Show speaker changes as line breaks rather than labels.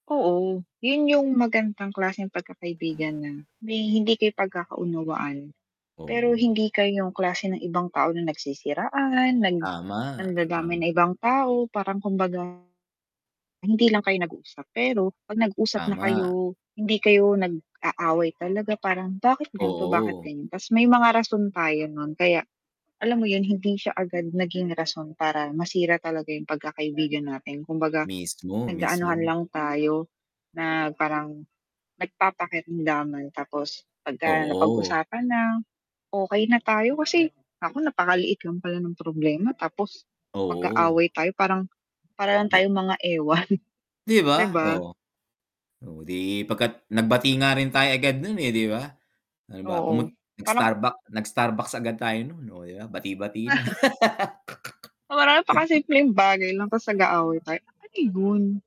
Oo, yun yung magandang klaseng pagkakaibigan na may hindi kayo pagkakaunawaan, pero
Oo.
hindi kayo yung klase ng ibang tao na nagsisiraan, nag
Tama,
nandadamay
um
ng ibang tao parang kumbaga, hindi lang kayo nag-uusap pero, 'pag nag-usap na
Tama.
kayo, hindi kayo nag-aaway talaga parang, "Bakit ganto, bakit
Oo.
ganyan?" Tas may mga rason tayo nun, kaya alam mo yun, hindi siya agad naging rason para masira talaga yung pagkakaibigan natin. Kumbaga,
Mismo,
nag-aanuhan
mismo.
lang tayo na parang, nagpapakiramdaman, tapos pagka
Oo.
napag-usapan na, okey na tayo kasi, nako, napakaliit lang pala nung problema. Tapos
Oo.
mag-aaway tayo parang, para lang
Di
tayong mga ewan,
di
'di
ba,
ba?
oo. Oh, 'di pagka't nagbati nga rin tayo agad nun, eh, 'di ba? Halimbawa pumun
Oo, parang
nag-Starbuck nag-Starbucks agad tayo nun, oh, yeah, bati-bati na.
Parang
[unintelligible]
napaka-simpleng bagay lang, tapos nag-aaway tayo, ano yun?